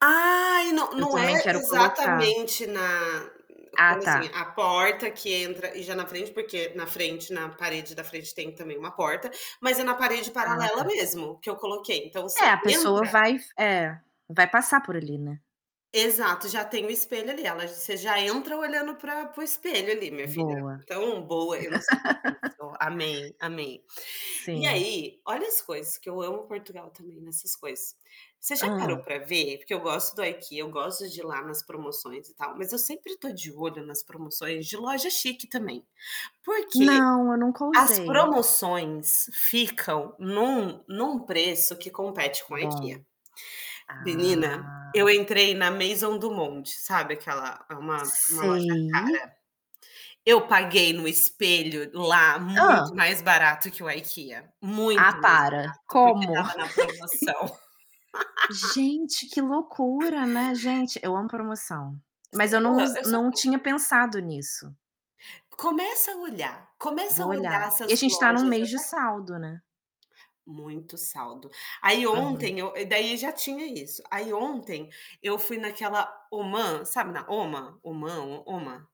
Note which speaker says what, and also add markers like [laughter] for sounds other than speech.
Speaker 1: Ah, e não
Speaker 2: Eu
Speaker 1: não é
Speaker 2: também
Speaker 1: e
Speaker 2: quero colocar.
Speaker 1: exatamente na
Speaker 2: Ah,
Speaker 1: como, assim,
Speaker 2: tá.
Speaker 1: a porta que entra e já na frente porque na frente na parede da frente tem também uma porta, mas é na parede
Speaker 2: Ah,
Speaker 1: paralela
Speaker 2: tá.
Speaker 1: mesmo que eu coloquei. Então você
Speaker 2: É, a pessoa
Speaker 1: entra
Speaker 2: vai f é. Vai passar por ali, né?
Speaker 1: Exato, já tem o espelho ali. Ela você já entra olhando para para o espelho ali, minha filha.
Speaker 2: Boa.
Speaker 1: Então, boa, eu não sabia
Speaker 2: [laughs]
Speaker 1: disso. Amei, amei. E
Speaker 2: Sim.
Speaker 1: aí olha as coisas que eu amo Portugal, também, nessas coisas. Você já parou
Speaker 2: Hã.
Speaker 1: pra ver? Porque eu gosto do IKEA, eu gosto de ir lá nas promoções e tal, mas eu sempre tô de olho nas promoções de loja chique, também. Porque
Speaker 2: Não, eu nunca
Speaker 1: as
Speaker 2: usei.
Speaker 1: promoções ficam num num preço que compete com a
Speaker 2: Bom.
Speaker 1: IKEA. Menina, eu
Speaker 2: Ah!
Speaker 1: entrei na Maison do Monte, sabe aquela é uma uma loja
Speaker 2: Sei.
Speaker 1: cara. Eu paguei num espelho lá muito
Speaker 2: Hã.
Speaker 1: mais barato que o IKEA. Muito
Speaker 2: Ah,
Speaker 1: mais
Speaker 2: para.
Speaker 1: barato porque
Speaker 2: Como?
Speaker 1: estava na promoção.
Speaker 2: [laughs]
Speaker 1: [laughs]
Speaker 2: Gente, que loucura, né. Gente, eu amo promoção. Mas eu não use não tinha
Speaker 1: [unintelligible]
Speaker 2: pensado nisso.
Speaker 1: Começa a olhar. Começa a
Speaker 2: Vou
Speaker 1: olhar
Speaker 2: olhar. E a
Speaker 1: essas
Speaker 2: gente tá num
Speaker 1: lojas
Speaker 2: mês de
Speaker 1: até
Speaker 2: saldo, né?
Speaker 1: Muito saldo. Aí
Speaker 2: Aham.
Speaker 1: ontem eu e daí já tinha isso. Aí ontem eu fui naquela Homã sabe, na Hôma, Homã, Hô Hôma?